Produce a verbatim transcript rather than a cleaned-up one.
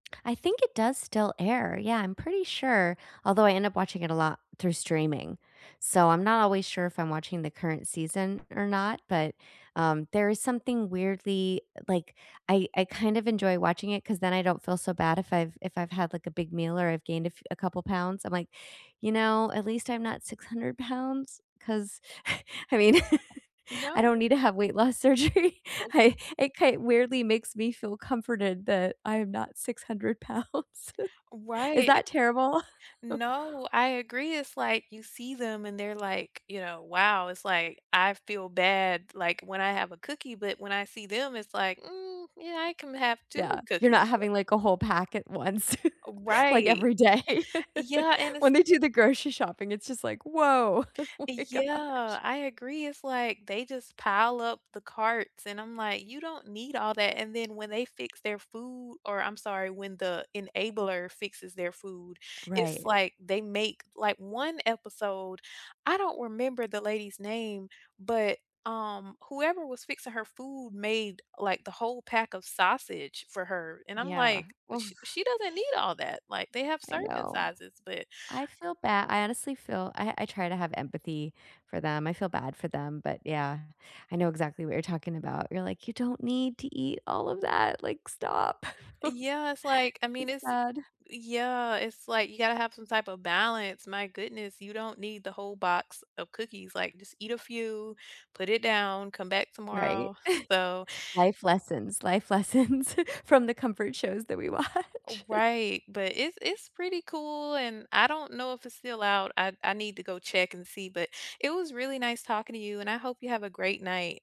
I think it does still air, yeah, I'm pretty sure, although I end up watching it a lot through streaming. So I'm not always sure if I'm watching the current season or not, but, um, there is something weirdly, like, I I kind of enjoy watching it 'cause then I don't feel so bad if I've if I've had, like, a big meal or I've gained a f a couple pounds, I'm like, "You know, at least I'm not six hundred pounds?" 'Cause I mean, I don't No. need to have weight loss surgery. Oh. I I kind weirdly makes me feel comforted that I am not six hundred pounds Is Right. that terrible? No, I agree, it's like, you see them and they're like, you know, wow, it's like, I feel bad, like, when I have a cookie, but when I see them, it's like, "Hmm, yeah, I can have two Yeah, you're not cookies." But having like a whole pack at once, like Right. every day. Yeah, and it's When they do the grocery shopping, it's just like, "Whoa!" Oh my gosh. Yeah, I agree, it's like, they just pile up the carts, and I'm like, "You don't need all that," and then when they fix their food or I'm sorry, when the enabler fixes their food, it's Right. like, they make, like, one episode I don't remember the lady's name, but, um, whoever was fixing her food made, like, the whole pack of sausage for her, and I'm Yeah, like, oof. "She she doesn't need all that." Like, they have I serving know. sizes, but I feel ba I honestly feel I I try to have empathy for them, I feel bad for them, but, yeah, I know exactly what you're talking about, you're like, "You don't need to eat all of that, like, stop." Yeah, it's like, I mean, It's it's sad. yeah, it's like, you gotta have some type of balance, my goodness, you don't need the whole box of cookies, like, just eat a few, put it down, come back Right? tomorrow, so Life lessons. Life lessons from the comfort shows that we Oh, watch. right, but it's it's pretty cool, and I don't know if it's still out, I I need to go check and see, but it was really nice talking to you, and I hope you have a great night.